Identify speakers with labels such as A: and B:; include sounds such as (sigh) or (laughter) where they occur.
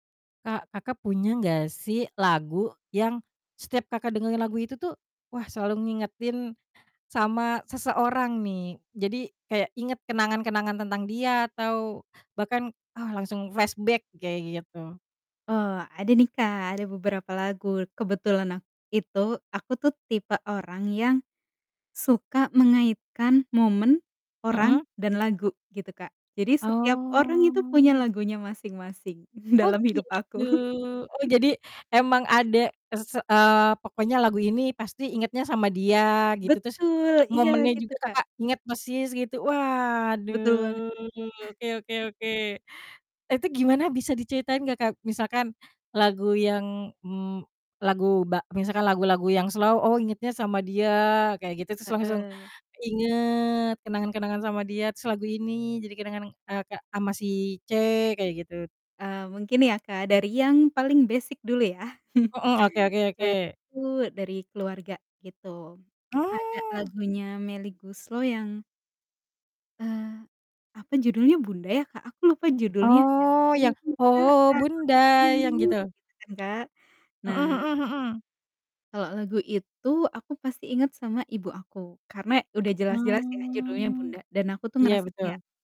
A: Kak, Kakak punya gak sih lagu yang, setiap Kakak dengerin lagu itu tuh, wah selalu ngingetin sama seseorang nih. Jadi kayak inget kenangan-kenangan tentang dia atau bahkan, ah langsung flashback, kayak gitu.
B: Oh ada nih Kak, ada beberapa lagu. Kebetulan ak itu aku tuh tipe orang yang suka mengaitkan momen, orang,
A: Mhm.
B: dan lagu, gitu Kak. Jadi setiap orang itu punya
A: Oh.
B: lagunya masing-masing
A: Oh
B: dalam hidup
A: gitu,
B: aku.
A: oh
B: (chuckles)
A: jadi emang ada ke s eee, pokoknya lagu ini pasti ingetnya sama dia gitu, terus
B: Betul. Iya
A: momennya
B: gitu
A: juga
B: Kak.
A: Kakak inget persis gitu.
B: Betul banget.
A: Waduh, oke oke oke, itu gimana bisa diceritain gak Kak? Misalkan lagu yang, mmm, lagu ba misalkan lagu-lagu yang slow, oh ingetnya sama dia kayak gitu terus langsung
B: Heeh.
A: keinget, kenangan-kenangan sama dia, terus lagu ini jadi kenangan, eee, Kak sama si C kayak gitu.
B: Eee, mungkin ya Kak dari yang paling basic dulu ya, (chuckles)
A: Heeh. Oke oke oke.
B: yaitu dari keluarga gitu. Ada
A: Oh!
B: lagunya Melly Goeslaw yang eee, apa judulnya? Bunda ya Kak? Aku lupa judulnya yang,
A: Oh, yang,
B: "Kubuka
A: "Oh
B: album
A: bunda," yang
B: biru,"
A: gitu?
B: gitu kan Kak.
A: Mhm
B: Nah
A: mhm mhm.
B: kalo lagu itu aku pasti inget sama ibu aku, karena udah jelas-jelas ya judulnya
A: Mmm.
B: Bunda dan aku tuh
A: Iya
B: ngerasa kayak
A: betul.